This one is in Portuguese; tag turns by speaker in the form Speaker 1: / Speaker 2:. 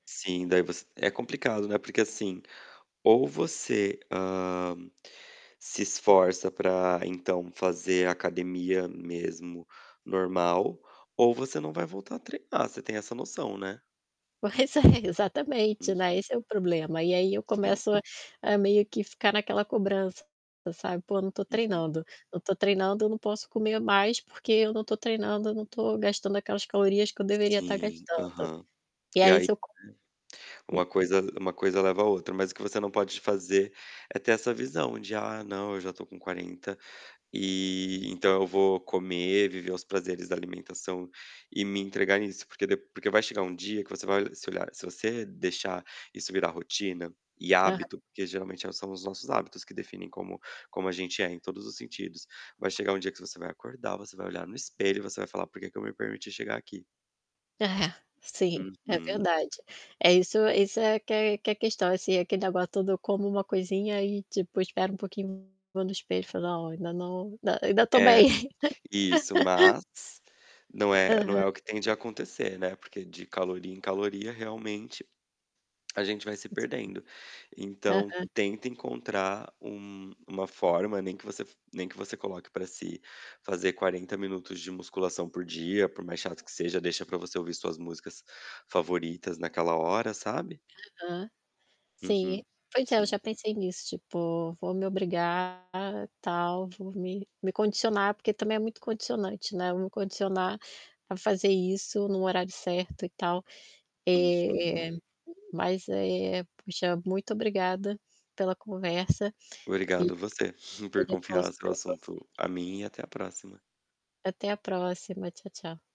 Speaker 1: Sim, daí você é complicado, né. Porque assim, ou você, hã, se esforça para então fazer academia mesmo normal, ou você não vai voltar a treinar, você tem essa noção, né.
Speaker 2: Pois é, exatamente, né.
Speaker 1: Uhum.
Speaker 2: Esse é o problema. E aí eu
Speaker 1: Sim.
Speaker 2: começo a a meio que ficar naquela cobrança, sabe. Pô, não tô
Speaker 1: Uhum.
Speaker 2: treinando. Não tô treinando, eu não posso comer mais. Porque eu não tô treinando, eu não tô gastando aquelas calorias que eu deveria tá
Speaker 1: Sim,
Speaker 2: gastando.
Speaker 1: aham.
Speaker 2: E
Speaker 1: E
Speaker 2: aí
Speaker 1: aí,
Speaker 2: se eu co E
Speaker 1: uma coisa uma coisa leva à outra, mas o que você não pode fazer é ter essa visão de: "Ah, não, eu já tô com 40 e então eu vou comer, viver os prazeres da alimentação e me entregar nisso", porque dep porque vai chegar um dia que você vai se olhar se você deixar isso virar rotina e
Speaker 2: Aha
Speaker 1: hábito, porque geralmente são os nossos hábitos que definem como como a gente é em todos os sentidos, vai chegar um dia que você vai acordar, você vai olhar no espelho e você vai falar: "Por que que eu me permiti chegar aqui?"
Speaker 2: É, sim, é
Speaker 1: Uhum.
Speaker 2: verdade. É isso isso é que é que é a questão, assim, aquele negócio todo, eu como uma coisinha e tipo espero um pouquinho, vou no espelho e falo: "Ó, ainda não, inda eu ainda tô
Speaker 1: É,
Speaker 2: bem".
Speaker 1: isso, mas não é não
Speaker 2: Aham.
Speaker 1: é o que tem de acontecer, né, porque de caloria em caloria, realmente, a gente vai se perdendo. Então
Speaker 2: Aham.
Speaker 1: tenta encontrar um uma forma, nem que você f nem que você coloque pra si fazer 40 minutos de musculação por dia, por mais chato que seja, deixa para você ouvir suas músicas favoritas naquela hora, sabe.
Speaker 2: Aham. Sim,
Speaker 1: Uhum,
Speaker 2: pois é, eu
Speaker 1: sim.
Speaker 2: já pensei nisso, tipo, vou me obrigar, tal, vou me, me condicionar, porque também é muito condicionante, né. Vou condicionar para fazer isso num horário certo e tal.
Speaker 1: Uhum.
Speaker 2: Eh, mas, eh, puxa, muito obrigada pela conversa e
Speaker 1: Obrigado você por
Speaker 2: pelo con
Speaker 1: confiar seu
Speaker 2: pelo conselho.
Speaker 1: assunto a mim e até a próxima.
Speaker 2: Até a próxima. Tchau, tchau.